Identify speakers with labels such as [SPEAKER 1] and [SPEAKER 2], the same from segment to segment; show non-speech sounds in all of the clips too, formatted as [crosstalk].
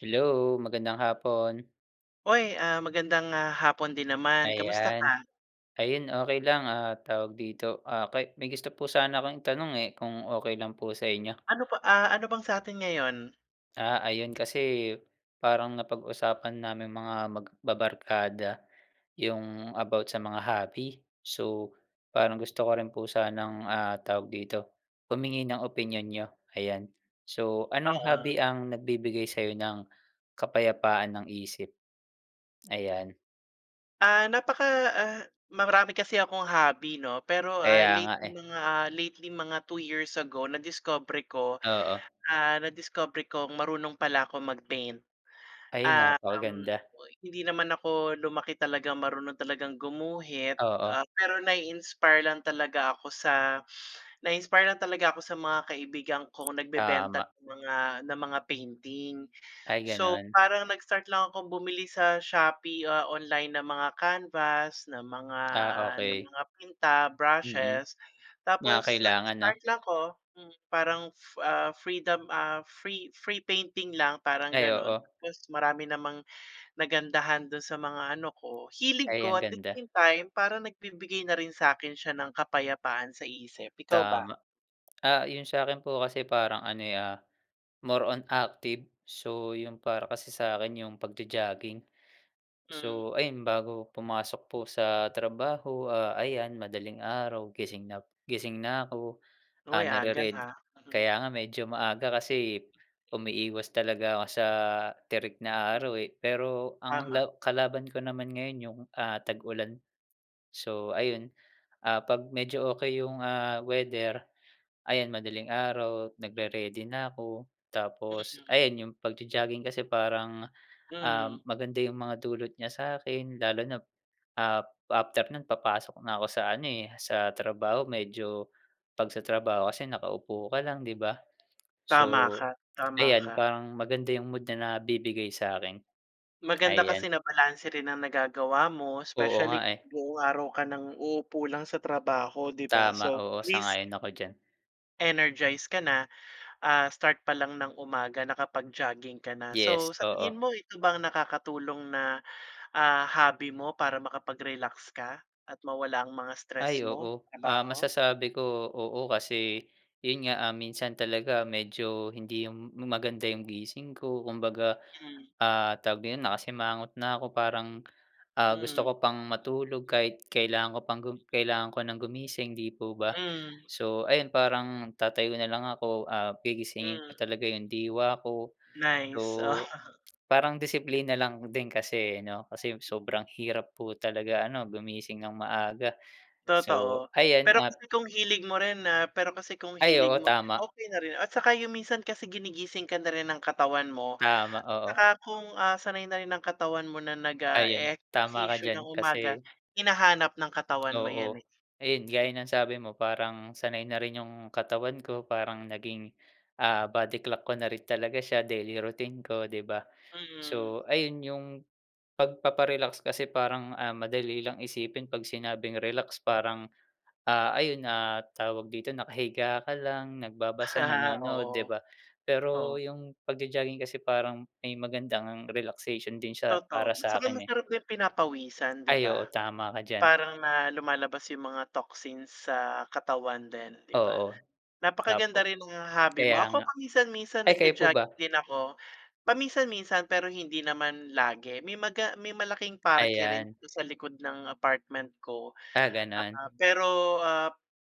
[SPEAKER 1] Hello, magandang hapon.
[SPEAKER 2] Oy, ah, magandang, ah, hapon din naman. Kamusta
[SPEAKER 1] Ayan.
[SPEAKER 2] ka?
[SPEAKER 1] Ayun okey lang. Ah, tawag dito, may gusto po sana akong tanong eh, kung okey lang po sa inyo.
[SPEAKER 2] Ano pa, ah, ano bang sa'tin ngayon?
[SPEAKER 1] Ah, ayun kasi eh, parang napag-usapan naming mga magbabarkada yung about sa mga hobby. So, parang gusto ko rin po sanang, ah, tawag dito, humingi ng opinyon niyo, ayan. So, anong
[SPEAKER 2] Oo.
[SPEAKER 1] hobby ang nagbibigay sa iyo ng kapayapaan ng isip? Ayan.
[SPEAKER 2] Ah, napaka ah, marami kasi akong hobby, no, pero, ah,
[SPEAKER 1] Kaya nga,
[SPEAKER 2] lately,
[SPEAKER 1] eh.
[SPEAKER 2] mga, lately, mga 2 years ago, nadiskobre ko,
[SPEAKER 1] Oo.
[SPEAKER 2] ah, nadiskobre kong marunong pala akong mag-paint.
[SPEAKER 1] Ay,
[SPEAKER 2] Ah, um,
[SPEAKER 1] napakaganda.
[SPEAKER 2] oy, hindi naman ako lumaki talagang marunong talagang gumuhit. Ah,
[SPEAKER 1] Oo.
[SPEAKER 2] pero nai-inspire lang talaga ako sa, na-inspire lang talaga ako sa mga kaibigan kong nagbebenta't
[SPEAKER 1] Tama.
[SPEAKER 2] ng mga, na mga painting.
[SPEAKER 1] Ay,
[SPEAKER 2] So,
[SPEAKER 1] ganun?
[SPEAKER 2] parang nag-start lang akong bumili sa Shopee, ah, online ng mga canvas, ng mga,
[SPEAKER 1] Ah,
[SPEAKER 2] ah, na
[SPEAKER 1] okey.
[SPEAKER 2] mga pinta,
[SPEAKER 1] Mm,
[SPEAKER 2] brushes,
[SPEAKER 1] mga
[SPEAKER 2] tapos
[SPEAKER 1] kailangan, no?
[SPEAKER 2] nag-start lang ko mm, parang, ah, freedom, ah, free, free painting lang parang
[SPEAKER 1] Ay,
[SPEAKER 2] gano'n.
[SPEAKER 1] oo.
[SPEAKER 2] Tapos marami namang nagandahan dun sa mga ano ko, hilig
[SPEAKER 1] Ay,
[SPEAKER 2] ko,
[SPEAKER 1] ang
[SPEAKER 2] at the
[SPEAKER 1] ganda.
[SPEAKER 2] same time, parang nagbibigay na rin sa akin siya ng kapayapaan sa isip, ikaw ba?
[SPEAKER 1] Tama. Ah, yung sa akin po kasi parang ano eh, ah, more on active. So, yung para kasi sa akin yung pagjo-jogging.
[SPEAKER 2] Mm.
[SPEAKER 1] So, ayun, bago pumasok po sa trabaho, ah, ayan, madaling araw, gising nap gising na ako. Ah,
[SPEAKER 2] Hoy, aga,
[SPEAKER 1] narered
[SPEAKER 2] ah, mm.
[SPEAKER 1] kaya nga medyo maaga kasi umiiwas talaga ako sa tirik na
[SPEAKER 2] Mm.
[SPEAKER 1] araw eh. Pero ang
[SPEAKER 2] Tama.
[SPEAKER 1] law kalaban ko naman ngayon, yung, ah, tag-ulan. So ayun, ah, 'pag medyo okey yung, ah, weather, ayan, madaling araw, nagre-ready na ako. Tapos
[SPEAKER 2] Mm.
[SPEAKER 1] ayan yung pagjo-jogging kasi parang, um,
[SPEAKER 2] Mm.
[SPEAKER 1] maganda yung mga dulot niya sa akin, lalo nap ap, after no'n, papasok na ako sa ano, eh, sa trabaho. Medyo, 'pag sa trabaho kasi nakaupo ka lang, 'di ba?
[SPEAKER 2] Tama
[SPEAKER 1] So,
[SPEAKER 2] ka. Tama
[SPEAKER 1] ayan,
[SPEAKER 2] ka.
[SPEAKER 1] parang maganda yung mood na nabibigay sa akin,
[SPEAKER 2] Maganda kasi
[SPEAKER 1] ayan.
[SPEAKER 2] na balanse rin ang nagagawa mo,
[SPEAKER 1] Oo nga,
[SPEAKER 2] especially
[SPEAKER 1] eh.
[SPEAKER 2] buong araw ka nang uupo lang sa trabaho, 'di ba,
[SPEAKER 1] Tama,
[SPEAKER 2] so at
[SPEAKER 1] oo
[SPEAKER 2] least
[SPEAKER 1] sang-ayon ako diyan.
[SPEAKER 2] Energize ka na, ah, start pa lang ng umaga nakapag-jogging ka na.
[SPEAKER 1] Yes,
[SPEAKER 2] So sa
[SPEAKER 1] oo.
[SPEAKER 2] tingin mo ito ba ang nakakatulong na, ah, hobby mo para makapag-relax ka, at mawala ang mga stress
[SPEAKER 1] Ay
[SPEAKER 2] mo,
[SPEAKER 1] oo. Ah,
[SPEAKER 2] trabaho?
[SPEAKER 1] masasabi ko, oo kasi. Yun nga minsan talaga medyo hindi yung maganda yung gising ko kumbaga,
[SPEAKER 2] Mm.
[SPEAKER 1] ah, tawag na yun nakasimangot na ko parang, ah, gusto
[SPEAKER 2] Mm.
[SPEAKER 1] ko pang matulog kahit kailangan ko pang gu kailangan ko nang gumising, 'di po ba.
[SPEAKER 2] Mm.
[SPEAKER 1] So ayun parang tatayo na lang ako, ah, gigisingin ko
[SPEAKER 2] Mm.
[SPEAKER 1] talaga yung diwa ko. So,
[SPEAKER 2] Nice, oo. [chuckles]
[SPEAKER 1] parang disiplina lang din kasi eh 'no, kasi sobrang hirap po talaga ano gumising nang maaga. So
[SPEAKER 2] Totoo.
[SPEAKER 1] ayan
[SPEAKER 2] Pero
[SPEAKER 1] at
[SPEAKER 2] kasi kung hilig mo rin na pero kasi kung
[SPEAKER 1] Ay
[SPEAKER 2] hilig
[SPEAKER 1] oo,
[SPEAKER 2] mo rin,
[SPEAKER 1] tama.
[SPEAKER 2] okey na rin at saka yung minsan kasi ginigising ka na rin ng katawan mo,
[SPEAKER 1] Tama, oo.
[SPEAKER 2] tsaka kung, ah, sanay na rin ng katawan mo na
[SPEAKER 1] Ayun, tama ka
[SPEAKER 2] nag-eehersisyo nang
[SPEAKER 1] diyan
[SPEAKER 2] umaga,
[SPEAKER 1] kasi
[SPEAKER 2] hinahanap ng katawan mo
[SPEAKER 1] Oo.
[SPEAKER 2] 'yan eh.
[SPEAKER 1] Ayun, gaya ng sabi mo parang sanay na rin yung katawan ko parang naging, ah, body clock ko na rin talaga siya daily routine ko, 'di ba.
[SPEAKER 2] Mm.
[SPEAKER 1] So ayun yung pagpapa-relax kasi parang, ah, madali lang isipin 'pag sinabing relax parang, ah, ayun na tawag dito nakahiga ka lang, nagbabasa,
[SPEAKER 2] [chuckles]
[SPEAKER 1] nanonood 'di
[SPEAKER 2] Oo.
[SPEAKER 1] ba. Pero
[SPEAKER 2] Oh.
[SPEAKER 1] yung pag-jo-jogging kasi parang may maganda ngang relaxation din siya
[SPEAKER 2] Totoo,
[SPEAKER 1] para
[SPEAKER 2] tsaka
[SPEAKER 1] sa'kin eh.
[SPEAKER 2] masarap din pinapawisan 'di
[SPEAKER 1] Ay
[SPEAKER 2] ba.
[SPEAKER 1] oo, tama ka diyan.
[SPEAKER 2] Parang na lumalabas yung mga toxins sa katawan din, 'di ba?
[SPEAKER 1] Oo. Opo.
[SPEAKER 2] Napakaganda rin nung hobby
[SPEAKER 1] Kaya
[SPEAKER 2] mo. Ako
[SPEAKER 1] nga.
[SPEAKER 2] paminsan-minsan
[SPEAKER 1] Ay kayo po ba?
[SPEAKER 2] nagja-jogging din ako, paminsan-minsan pero hindi naman lagi, may maga may malaking parke rin
[SPEAKER 1] Ayan.
[SPEAKER 2] dito sa likod ng apartment ko.
[SPEAKER 1] Ah, ganun.
[SPEAKER 2] Ah, pero, ah,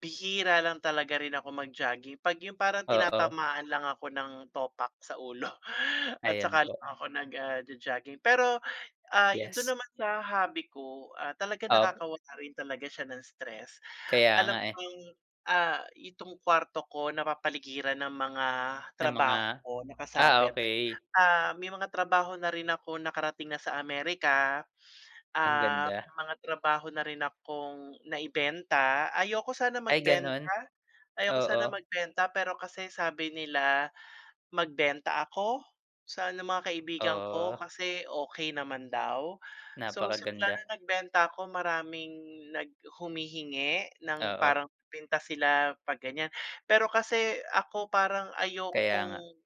[SPEAKER 2] bihira lang talaga rin ako mag-jogging 'pag yung parang
[SPEAKER 1] Oo.
[SPEAKER 2] tinatamaan lang ako ng topak sa ulo at
[SPEAKER 1] Ayan
[SPEAKER 2] saka lang
[SPEAKER 1] po.
[SPEAKER 2] ako nag, ah, jo-jogging. Pero, ah, yun
[SPEAKER 1] Yes.
[SPEAKER 2] dun naman sa hobby ko, ah, talaga
[SPEAKER 1] Opo.
[SPEAKER 2] nakakawala rin talaga siya ng stress,
[SPEAKER 1] Kaya
[SPEAKER 2] alam
[SPEAKER 1] nga eh.
[SPEAKER 2] kong, ah, itong kwarto ko napapaligiran ng mga
[SPEAKER 1] Na mga?
[SPEAKER 2] trabaho ko
[SPEAKER 1] Ah,
[SPEAKER 2] nakasabit,
[SPEAKER 1] okey.
[SPEAKER 2] ah may mga trabaho na rin ako nakarating na sa America.
[SPEAKER 1] Ang
[SPEAKER 2] Ah,
[SPEAKER 1] ganda.
[SPEAKER 2] may mga trabaho na rin akong naibenta ayoko, sana
[SPEAKER 1] Ay
[SPEAKER 2] magbenta,
[SPEAKER 1] ganun.
[SPEAKER 2] ayoko sana
[SPEAKER 1] Oo
[SPEAKER 2] magbenta pero kasi sabi nila magbenta ako sa mga kaibigan ko
[SPEAKER 1] Oh.
[SPEAKER 2] kasi okey naman daw. So simulan
[SPEAKER 1] Napakaganda.
[SPEAKER 2] na nagbenta ako maraming nag humihingi ng
[SPEAKER 1] Oo.
[SPEAKER 2] parang pinta sila 'pag ganyan. Pero kasi ako parang
[SPEAKER 1] Kaya nga.
[SPEAKER 2] ayokong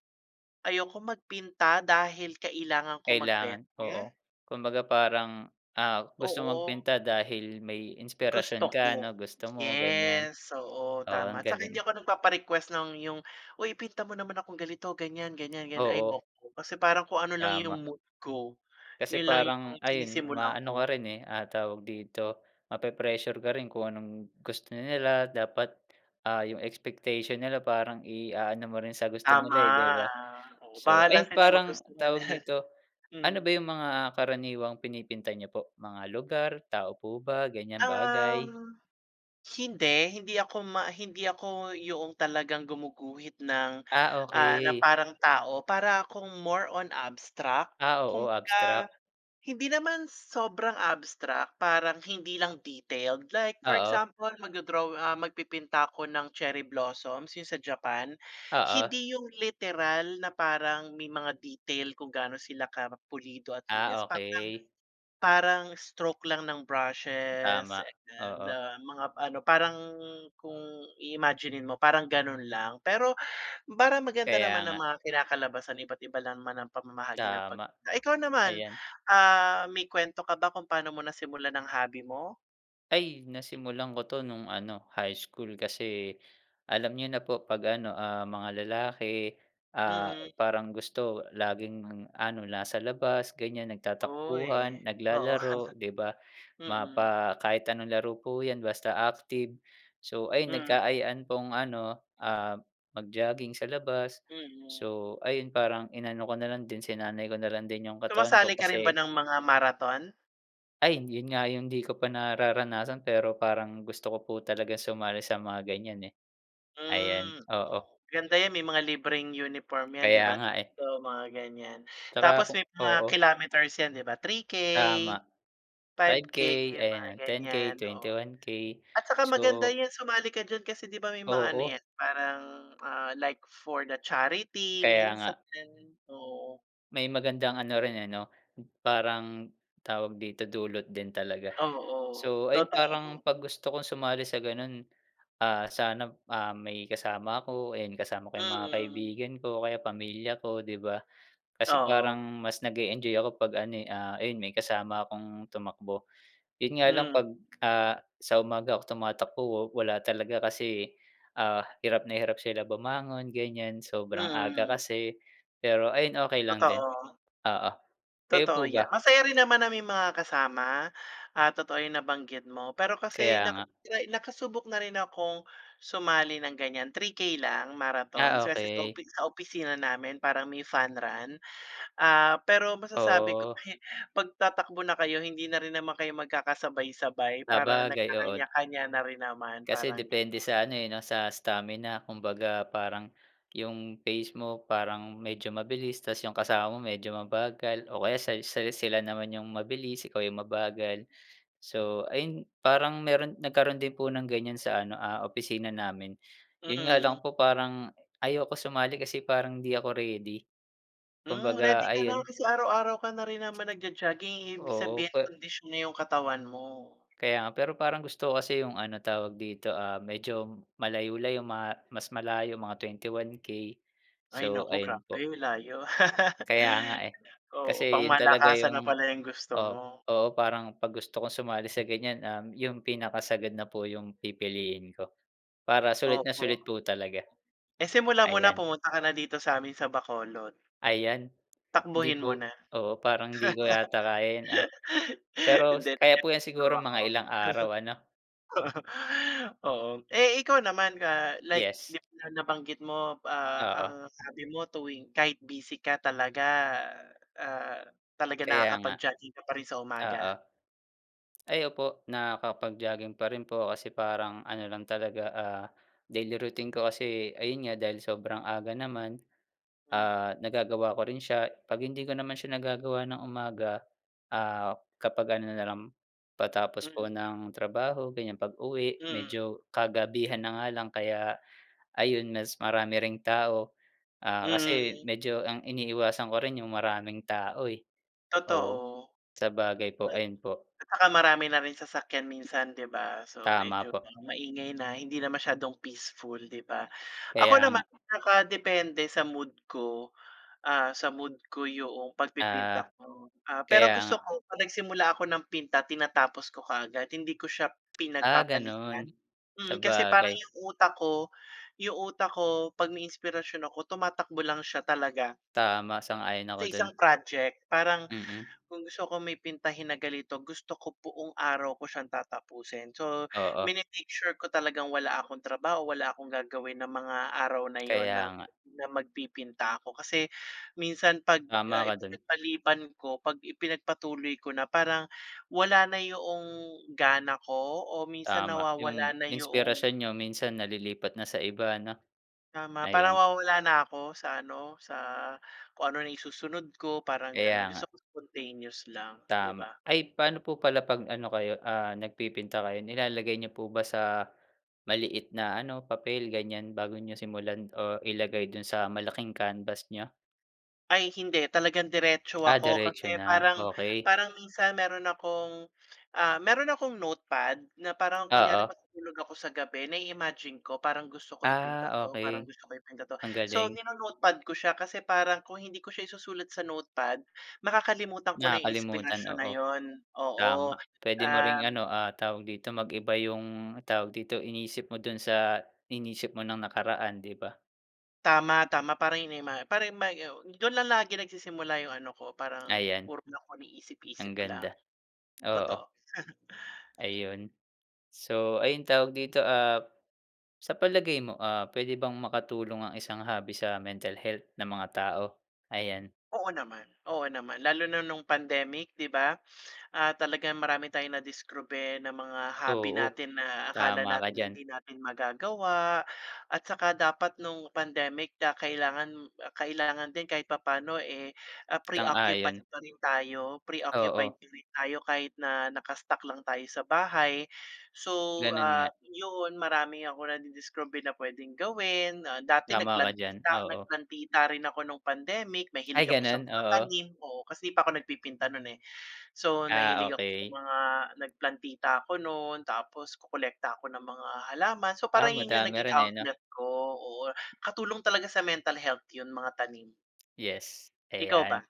[SPEAKER 2] ayokong magpinta dahil kailangan ko
[SPEAKER 1] Kailangan,
[SPEAKER 2] magbenta.
[SPEAKER 1] oo. Kumbaga parang, ah, gusto
[SPEAKER 2] Oo.
[SPEAKER 1] magpinta dahil may inspirasyon
[SPEAKER 2] Gusto
[SPEAKER 1] ka ano
[SPEAKER 2] ko,
[SPEAKER 1] gusto mo, ganyan.
[SPEAKER 2] yes oo
[SPEAKER 1] Oo
[SPEAKER 2] tama.
[SPEAKER 1] ang
[SPEAKER 2] Tsaka
[SPEAKER 1] galing.
[SPEAKER 2] hindi ako nagpapa-request ng yung, "Oy ipinta mo naman akong ganito ganiyan ganiyan ganiyan."
[SPEAKER 1] Oo.
[SPEAKER 2] Ayoko kasi parang kung ano lang yung
[SPEAKER 1] Tama.
[SPEAKER 2] mood ko,
[SPEAKER 1] Kasi
[SPEAKER 2] yun lang yung
[SPEAKER 1] parang ayun
[SPEAKER 2] sinisimulan
[SPEAKER 1] maano ka
[SPEAKER 2] ko.
[SPEAKER 1] rin eh, ah, tawag dito, mape-pressure ka rin kung anong gusto nila dapat, ah, yung expectation nila parang iaano mo rin sa gusto
[SPEAKER 2] Tama,
[SPEAKER 1] nila eh, 'di ba?
[SPEAKER 2] oo,
[SPEAKER 1] So,
[SPEAKER 2] bahala
[SPEAKER 1] ayun
[SPEAKER 2] sila
[SPEAKER 1] parang
[SPEAKER 2] magustuhan
[SPEAKER 1] tawag
[SPEAKER 2] niya.
[SPEAKER 1] dito, ano ba
[SPEAKER 2] Mm.
[SPEAKER 1] yung mga karaniwang pinipinta niyo po, mga lugar tao po ba ganiyang bagay?
[SPEAKER 2] Um, hindi, hindi ako ma hindi ako yoong talagang gumuguhit ng
[SPEAKER 1] Ah,
[SPEAKER 2] ah, na
[SPEAKER 1] okey.
[SPEAKER 2] parang tao para akong more on abstract.
[SPEAKER 1] Ah, oo,
[SPEAKER 2] Kumbaga
[SPEAKER 1] abstract.
[SPEAKER 2] hindi naman sobrang abstract parang hindi lang detailed, like for
[SPEAKER 1] Oo.
[SPEAKER 2] example magdo-draw, ah, magpipinta ako ng cherry blossoms yung sa Japan.
[SPEAKER 1] Oo.
[SPEAKER 2] Hindi yung literal na parang may mga detail kung gaano sila ka pulido at
[SPEAKER 1] Ah,
[SPEAKER 2] linas parang,
[SPEAKER 1] okey.
[SPEAKER 2] parang stroke lang ng brushes,
[SPEAKER 1] Tama, oo.
[SPEAKER 2] ah, mga ano, parang kung iimaginin mo parang ganun lang. Pero parang maganda
[SPEAKER 1] Kaya
[SPEAKER 2] naman ang
[SPEAKER 1] nga.
[SPEAKER 2] mga kinakalabasan iba't iba lang naman ang pamamahagi ng pag
[SPEAKER 1] Tama.
[SPEAKER 2] ah, ikaw naman,
[SPEAKER 1] Ayan.
[SPEAKER 2] ah, may kwento ka ba kung paano mo nasimulan ng hobby mo?
[SPEAKER 1] Ay! Nasimulan ko to nung ano, high school. Kasi alam niyo na po 'pag ano, ah, mga lalaki, ah,
[SPEAKER 2] Mm.
[SPEAKER 1] parang gusto laging ano, nasa labas, ganyan,
[SPEAKER 2] Uy!
[SPEAKER 1] nagtatakbuhan,
[SPEAKER 2] Oo.
[SPEAKER 1] naglalaro, 'di ba?
[SPEAKER 2] [laughs]
[SPEAKER 1] Ma
[SPEAKER 2] Mm.
[SPEAKER 1] pa kahit anong laro po 'yan, basta active. So, ayun,
[SPEAKER 2] Mm.
[SPEAKER 1] nagkaayaan pong ano, ah, mag-jogging sa labas.
[SPEAKER 2] Mm.
[SPEAKER 1] So, ayun, parang inano ko na lang din, sinanay ko na lang din yung katawan ko
[SPEAKER 2] Sumasali ka rin ba
[SPEAKER 1] kasi
[SPEAKER 2] ng mga marathon?
[SPEAKER 1] Ay! Yun nga yung di ko pa nararanasan. Pero parang gusto ko po talaga sumali sa mga ganyan, eh. Ayan,
[SPEAKER 2] Hmm,
[SPEAKER 1] oo.
[SPEAKER 2] oh. Ganda 'yan may mga libreng uniform 'yan, 'di
[SPEAKER 1] Kaya
[SPEAKER 2] ba,
[SPEAKER 1] nga, eh.
[SPEAKER 2] sa mga ganyan?
[SPEAKER 1] Tsaka
[SPEAKER 2] Tapos
[SPEAKER 1] kung
[SPEAKER 2] may mga
[SPEAKER 1] oo.
[SPEAKER 2] kilometers 'yan, 'di ba? 3K,
[SPEAKER 1] Tama!
[SPEAKER 2] five
[SPEAKER 1] five
[SPEAKER 2] K,
[SPEAKER 1] K,
[SPEAKER 2] yung mga
[SPEAKER 1] ayan 10K,
[SPEAKER 2] ganyan, oo.
[SPEAKER 1] 21K.
[SPEAKER 2] At tsaka maganda
[SPEAKER 1] So
[SPEAKER 2] 'yan, sumali ka diyan kasi 'di ba may mga ano
[SPEAKER 1] Oo.
[SPEAKER 2] 'yan parang, ah, like for the charity
[SPEAKER 1] Kaya
[SPEAKER 2] minsan,
[SPEAKER 1] nga.
[SPEAKER 2] oo.
[SPEAKER 1] May magandang ano rin, eh, 'no, parang tawag dito, dulot din talaga.
[SPEAKER 2] Oo,
[SPEAKER 1] So, ayun, parang
[SPEAKER 2] totoo.
[SPEAKER 1] 'pag gusto kong sumali sa ganun, ah, sana, ah, may kasama ako, ayun, kasama ko yung mga
[SPEAKER 2] Mm.
[SPEAKER 1] kaibigan ko o kaya pamilya ko, 'di ba? Kasi parang
[SPEAKER 2] Oo.
[SPEAKER 1] mas nag-e-enjoy ako 'pag ano, eh, ah, ayun, may kasama akong tumakbo. Yun nga lang
[SPEAKER 2] Mm.
[SPEAKER 1] 'pag, ah, sa umaga ako tumatakbo wa wala talaga kasi, ah, hirap na hirap sila bumangon, ganyan, sobrang aga
[SPEAKER 2] Mm.
[SPEAKER 1] kasi. Pero ayun, okey lang din,
[SPEAKER 2] Totoo.
[SPEAKER 1] oo. Kayo
[SPEAKER 2] Totoo
[SPEAKER 1] po
[SPEAKER 2] 'yan.
[SPEAKER 1] ba?
[SPEAKER 2] Masaya rin naman na may mga kasama at totoo yung nabanggit mo. Pero kasi
[SPEAKER 1] Kaya
[SPEAKER 2] naka
[SPEAKER 1] nga.
[SPEAKER 2] nakasubok na rin akong sumali ng ganyan, 3K lang, marathon.
[SPEAKER 1] Ah,
[SPEAKER 2] Kasi sa
[SPEAKER 1] okey.
[SPEAKER 2] opisi sa opisina namin parang may fun run. Ah, pero masasabi ko
[SPEAKER 1] Oh.
[SPEAKER 2] [chuckles] 'pag tatakbo na kayo hindi na rin naman kayo magkakasabay-sabay. Parang
[SPEAKER 1] Sabagay, oo.
[SPEAKER 2] nagkakanya kanya na rin naman,
[SPEAKER 1] Kasi
[SPEAKER 2] parang
[SPEAKER 1] depende
[SPEAKER 2] ganon.
[SPEAKER 1] sa ano, eh, no, sa stamina. Kumbaga, parang yung phase mo parang medyo mabilis tapos yung kasama mo medyo mabagal o kaya sa sa sila naman yung mabilis ikaw yung mabagal. So, ayun, parang meron nagkaroon din po ng ganyan sa ano, ah, opisina namin. Yun nga
[SPEAKER 2] Mm.
[SPEAKER 1] lang po parang ayoko sumali kasi parang hindi ako ready.
[SPEAKER 2] Hmm, ready
[SPEAKER 1] Kumbaga,
[SPEAKER 2] ka na
[SPEAKER 1] ayun.
[SPEAKER 2] kasi araw-araw ka na rin naman nag-jo-jogging, eh, ibig
[SPEAKER 1] Oo,
[SPEAKER 2] sabihin
[SPEAKER 1] pe
[SPEAKER 2] kondisyon na yung katawan mo.
[SPEAKER 1] Kaya nga, pero parang gusto kasi yung ano, tawag dito, ah, medyo malayo-layo ma mas malayo, mga 21K.
[SPEAKER 2] Ay
[SPEAKER 1] So,
[SPEAKER 2] naku,
[SPEAKER 1] ayun
[SPEAKER 2] grabe
[SPEAKER 1] po.
[SPEAKER 2] layo. [laughs]
[SPEAKER 1] Kaya nga, eh.
[SPEAKER 2] Oo, pang
[SPEAKER 1] Kasi yun talaga
[SPEAKER 2] malakasan na
[SPEAKER 1] yung
[SPEAKER 2] pala yung gusto
[SPEAKER 1] oo,
[SPEAKER 2] mo.
[SPEAKER 1] oo. Parang 'pag gusto kong sumali sa ganyan, um, yung pinakasagad na po yung pipiliin ko para sulit na
[SPEAKER 2] Opo.
[SPEAKER 1] sulit po talaga.
[SPEAKER 2] Eh, simulan mo na
[SPEAKER 1] Ayan.
[SPEAKER 2] pumunta ka na dito sa'min sa Bacolod.
[SPEAKER 1] Ayan! Di
[SPEAKER 2] Takbuhin mo
[SPEAKER 1] po
[SPEAKER 2] na.
[SPEAKER 1] oo, parang di ko yata kaya 'yan, ah.
[SPEAKER 2] [laughs]
[SPEAKER 1] Pero
[SPEAKER 2] Hindi,
[SPEAKER 1] kaya po 'yan
[SPEAKER 2] nagbibiro
[SPEAKER 1] siguro
[SPEAKER 2] lang ako.
[SPEAKER 1] mga ilang araw ano
[SPEAKER 2] [laughs] Oo, eh, ikaw naman, ah, like
[SPEAKER 1] Yes.
[SPEAKER 2] na nabanggit mo, ah, ang
[SPEAKER 1] Oo.
[SPEAKER 2] sabi mo tuwing kahit busy ka talaga, ah, talaga
[SPEAKER 1] Kaya nga,
[SPEAKER 2] nakakapag-jogging ka pa rin sa
[SPEAKER 1] oo.
[SPEAKER 2] umaga.
[SPEAKER 1] Ay opo, nakapag-jogging pa rin po kasi parang ano lang talaga, ah, daily routine ko. Kasi ayun nga, dahil sobrang aga naman,
[SPEAKER 2] Mm.
[SPEAKER 1] ah, nagagawa ko rin siya. 'Pag hindi ko naman siya nagagawa ng umaga, ah, kapag ano nalang, patapos po
[SPEAKER 2] Mm.
[SPEAKER 1] ng trabaho, ganyan, pag-uwi
[SPEAKER 2] Mm.
[SPEAKER 1] medyo kagabihan na nga lang kaya ayun, mas marami ring tao, ah, kasi
[SPEAKER 2] Mm.
[SPEAKER 1] medyo ang iniiwasan ko rin yung maraming tao, eh. Oo.
[SPEAKER 2] Totoo,
[SPEAKER 1] Sabagay po, ayun po.
[SPEAKER 2] tsaka marami na rin sasakyan minsan, 'di ba. So,
[SPEAKER 1] Tama
[SPEAKER 2] medyo
[SPEAKER 1] po.
[SPEAKER 2] maingay na, hindi na masyadong peaceful, 'di ba. Ako
[SPEAKER 1] Kaya
[SPEAKER 2] naman
[SPEAKER 1] nga.
[SPEAKER 2] nakadepende sa mood ko, ah, sa mood ko 'yong pagpipinta
[SPEAKER 1] Ah,
[SPEAKER 2] ko. Ah,
[SPEAKER 1] kaya
[SPEAKER 2] pero gusto
[SPEAKER 1] nga.
[SPEAKER 2] ko' pag nagsimula ako ng pinta tinatapos ko kaagad. Hindi ko siya
[SPEAKER 1] Ah,
[SPEAKER 2] pinagpapaliban.
[SPEAKER 1] ganun,
[SPEAKER 2] Mm, kasi parang
[SPEAKER 1] sabagay.
[SPEAKER 2] yung utak ko yung utak ko 'pag may inspirasyon ako tumatakbo lang siya talaga.
[SPEAKER 1] Tama, sang-ayon
[SPEAKER 2] Sa
[SPEAKER 1] ako
[SPEAKER 2] isang
[SPEAKER 1] dun.
[SPEAKER 2] project parang
[SPEAKER 1] Mm.
[SPEAKER 2] kung gusto ko may pintahin na ganito, gusto ko buong araw ko siyang tatapusin. So,
[SPEAKER 1] Oo.
[SPEAKER 2] mini-make sure ko talagang wala akong trabaho, wala akong gagawin ng mga araw na yun na
[SPEAKER 1] Kaya nga.
[SPEAKER 2] na magpipinta ako. Kasi minsan 'pag,
[SPEAKER 1] Tama
[SPEAKER 2] ah,
[SPEAKER 1] ka dun.
[SPEAKER 2] ipinagpaliban ko, 'pag ipinagpatuloy ko na parang wala na 'yong gana ko o minsan
[SPEAKER 1] Tama, yung
[SPEAKER 2] nawawala na 'yong
[SPEAKER 1] inspirasyon niyo minsan nalilipat na sa iba 'no,
[SPEAKER 2] Tama. Parang
[SPEAKER 1] ayan.
[SPEAKER 2] nawawala na ako sa ano, sa kung ano na isusunod ko, parang ganun.
[SPEAKER 1] Kaya nga.
[SPEAKER 2] Gusto ko spontaneous lang, 'di
[SPEAKER 1] Tama.
[SPEAKER 2] ba.
[SPEAKER 1] Ay paano po pala pag ano kayo, ah, nagpipinta kayo? Nilalagay niyo po ba sa maliit na ano, papel ganyan bago niyo simulan o ilagay dun sa malaking canvas niyo?
[SPEAKER 2] Ay, hindi talagang diretso
[SPEAKER 1] Ah,
[SPEAKER 2] ako
[SPEAKER 1] diretso
[SPEAKER 2] kasi
[SPEAKER 1] na
[SPEAKER 2] parang,
[SPEAKER 1] okey.
[SPEAKER 2] parang minsan mayro'n akong, ah, mayro'n akong notepad. Na parang kunyari
[SPEAKER 1] Oo.
[SPEAKER 2] matutulog ako sa gabi na-i-imagine ko "Parang gusto ko ipinta
[SPEAKER 1] Ah,
[SPEAKER 2] to, parang
[SPEAKER 1] okey,
[SPEAKER 2] gusto ko ipinta to."
[SPEAKER 1] Ang
[SPEAKER 2] So,
[SPEAKER 1] galing.
[SPEAKER 2] ni-no-notepad ko siya kasi parang kung hindi ko siya isusulat sa notepad, makakalimutan ko na
[SPEAKER 1] Nakakalimutan,
[SPEAKER 2] inspirasyon na
[SPEAKER 1] oo.
[SPEAKER 2] yun,
[SPEAKER 1] Tama,
[SPEAKER 2] oo,
[SPEAKER 1] puwede mo ring
[SPEAKER 2] um
[SPEAKER 1] ano, ah, tawag dito mag-iba yung tawag dito, iniisip mo do'n sa iniisip mo ng nakaraan di ba?
[SPEAKER 2] Tama, tama pa rin may ma pa rin ma yun do'n lang lagi nagsisimula yung ano ko parang
[SPEAKER 1] Ayan.
[SPEAKER 2] puro ko
[SPEAKER 1] Ang
[SPEAKER 2] niisip-isip lang,
[SPEAKER 1] ganda, oo.
[SPEAKER 2] totoo. [chuckles]
[SPEAKER 1] Ayun. So, ayun tawag dito, ah, sa palagay mo, ah, pwede bang makatulong ang isang hobby sa mental health ng mga tao? Ayan.
[SPEAKER 2] Oo naman, oo naman lalo na nung pandemic di ba? Ah, talagang marami tayong nadiskubre ng mga hobby
[SPEAKER 1] Oo,
[SPEAKER 2] natin na akala
[SPEAKER 1] tama ka
[SPEAKER 2] natin
[SPEAKER 1] diyan.
[SPEAKER 2] hindi natin magagawa at saka dapat nung pandemic ka kailangan, kailangan din kahit papaano, eh, pre-occupied
[SPEAKER 1] Sang-ayon.
[SPEAKER 2] pa rin tayo. Pre-occupied
[SPEAKER 1] Oo.
[SPEAKER 2] pa rin tayo kahit na naka-stuck lang tayo sa bahay so,
[SPEAKER 1] Gano'n
[SPEAKER 2] ah,
[SPEAKER 1] nga.
[SPEAKER 2] yun marami ako nadidiskubre na puwedeng gawin. Dati
[SPEAKER 1] Tama ka diyan,
[SPEAKER 2] nagplantita,
[SPEAKER 1] oo.
[SPEAKER 2] nagplantita rin ako nung pandemic
[SPEAKER 1] Ay,
[SPEAKER 2] mahilig ako sa
[SPEAKER 1] gano'n?
[SPEAKER 2] mga
[SPEAKER 1] Oo.
[SPEAKER 2] tanim, oo kasi di pa ako nagpipinta no'n, eh. So,
[SPEAKER 1] Ah,
[SPEAKER 2] nahilig ako sa
[SPEAKER 1] okey.
[SPEAKER 2] mga nagplantita ako no'n tapos kokolekta ako ng mga halaman. So
[SPEAKER 1] Ah,
[SPEAKER 2] parang yun yung
[SPEAKER 1] madami
[SPEAKER 2] naging
[SPEAKER 1] rin, eh, no?
[SPEAKER 2] outlet ko, oo katulong talaga sa mental health yun mga tanim.
[SPEAKER 1] Yes,
[SPEAKER 2] Ikaw ba?
[SPEAKER 1] ayan.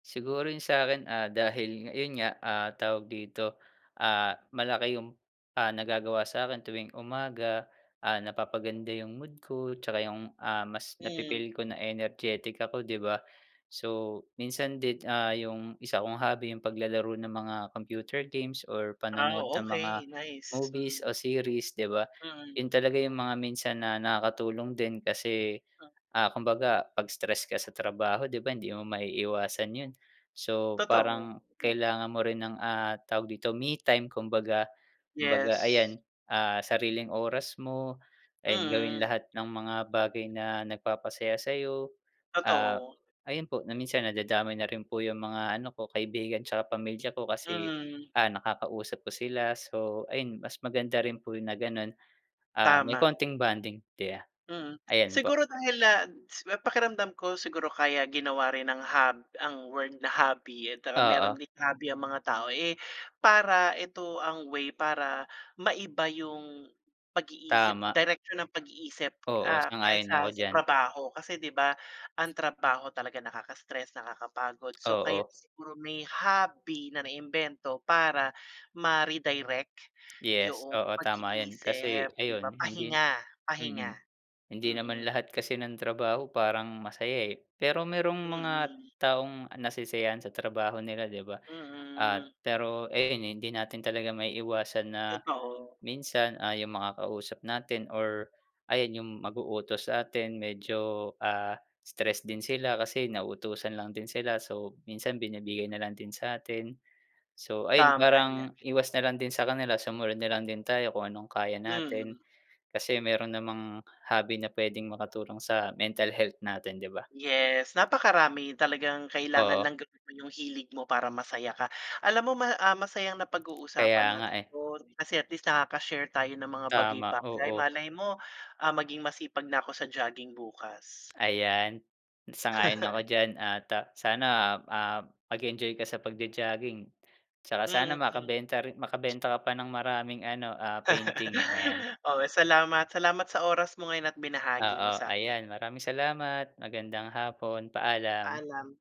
[SPEAKER 1] Siguro yung sakin, ah, dahil ayun nga, ah, tawag dito? Ah, malaki yung, ah, nagagawa sakin tuwing umaga, ah, napapaganda yung mood ko 'tsaka yung, ah, mas
[SPEAKER 2] Hmm.
[SPEAKER 1] napi-feel ko na energetic ako 'di ba? So minsan din, ah, yung 1 kong hobby yung paglalaro ng mga computer games or
[SPEAKER 2] Ah,
[SPEAKER 1] panonood ng mga
[SPEAKER 2] okey nice,
[SPEAKER 1] movies
[SPEAKER 2] mm.
[SPEAKER 1] o series 'di ba,
[SPEAKER 2] Mm.
[SPEAKER 1] yun talaga yung mga minsan na nakakatulong din kasi,
[SPEAKER 2] Ah.
[SPEAKER 1] ah, kumbaga pag stress ka sa trabaho 'di ba, hindi mo maiiwasan yun. So
[SPEAKER 2] Totoo,
[SPEAKER 1] parang
[SPEAKER 2] hmm.
[SPEAKER 1] kailangan mo rin ng, ah, tawag dito me time kumbaga, kumbaga
[SPEAKER 2] Yes.
[SPEAKER 1] ayan, ah, sariling oras mo ayun gawin
[SPEAKER 2] Mm.
[SPEAKER 1] lahat ng mga bagay na nagpapasaya sayo, ah,
[SPEAKER 2] Totoo.
[SPEAKER 1] ayun po na minsan nadadamay na rin po yung mga ano ko kaibigan 'tsaka pamilya ko kasi,
[SPEAKER 2] Mm.
[SPEAKER 1] ah, nakakausap ko sila. So, ayun mas maganda rin po yung na gano'n, ah, may
[SPEAKER 2] Tama.
[SPEAKER 1] konting bonding 'di ba?
[SPEAKER 2] Mm,
[SPEAKER 1] ayan po.
[SPEAKER 2] siguro dahil, ah, pakiramdam ko siguro kaya ginawa rin ng hob ang word na hobby at mayro'n
[SPEAKER 1] Oo.
[SPEAKER 2] din hobby ang mga tao, eh, para ito ang way para maiba yung, pag-iisip
[SPEAKER 1] Tama.
[SPEAKER 2] direksyon ng pag-iisip,
[SPEAKER 1] Oo,
[SPEAKER 2] ah,
[SPEAKER 1] sang-ayon ako
[SPEAKER 2] kaysa sa
[SPEAKER 1] diyan.
[SPEAKER 2] trabaho. Kasi 'di ba, ang trabaho talaga nakakastress, nakakapagod, so kaya
[SPEAKER 1] Oo.
[SPEAKER 2] siguro may hobby na naimbento para ma-redirect
[SPEAKER 1] Yes,
[SPEAKER 2] yung
[SPEAKER 1] oo tama 'yan.
[SPEAKER 2] pag-iisip
[SPEAKER 1] Kasi
[SPEAKER 2] 'di ba?
[SPEAKER 1] ayun hindi
[SPEAKER 2] Pahinga,
[SPEAKER 1] mm.
[SPEAKER 2] pahinga.
[SPEAKER 1] Hindi naman
[SPEAKER 2] Mm.
[SPEAKER 1] lahat kasi ng trabaho parang masaya, eh, pero mayrong mga
[SPEAKER 2] Mm.
[SPEAKER 1] taong nasisiyahan sa trabaho nila 'di ba. At
[SPEAKER 2] Mm.
[SPEAKER 1] pero ayan hindi natin talaga maiiwasan na,
[SPEAKER 2] Totoo.
[SPEAKER 1] minsan ay yung makakausap natin or, ayan yung mag-uutos sa'tin medyo, ah, stress din sila kasi nauutusan lang din sila. So, minsan binibigay
[SPEAKER 2] Mm.
[SPEAKER 1] na lang din satin. So ayun,
[SPEAKER 2] Tama 'yan.
[SPEAKER 1] parang iwas na lang din sa kanila sumunod na lang din tayo kung anong kaya natin.
[SPEAKER 2] Mm.
[SPEAKER 1] Kasi mayro'n namang hobby na puwedeng makatulong sa mental health natin 'di ba?
[SPEAKER 2] Yes, napakarami talagang kailangan
[SPEAKER 1] Oo.
[SPEAKER 2] lang gawin yung hilig mo para masaya ka. Alam mo ma ah, masayang
[SPEAKER 1] Kaya
[SPEAKER 2] napag-uusapan
[SPEAKER 1] nga,
[SPEAKER 2] natin
[SPEAKER 1] eh.
[SPEAKER 2] 'to kasi at least nakaka-share tayo ng mga
[SPEAKER 1] Tama,
[SPEAKER 2] bagay-bagay
[SPEAKER 1] oo.
[SPEAKER 2] malay mo, ah, maging masipag na ko sa jogging bukas.
[SPEAKER 1] Ayan, sang-ayon ako
[SPEAKER 2] [laughs]
[SPEAKER 1] diyan at sana, ah, mag-enjoy ka sa pag-jo-jogging 'tsaka sana
[SPEAKER 2] Mm.
[SPEAKER 1] makabenta rin makabenta ka pa ng maraming ano, ah, painting, ayan.
[SPEAKER 2] [laughs] Oo, salamat salamat sa oras mo ngayon at binahagi mo
[SPEAKER 1] Oo,
[SPEAKER 2] sa'kin.
[SPEAKER 1] ayan maraming salamat, magandang hapon. Paalam.
[SPEAKER 2] Paalam.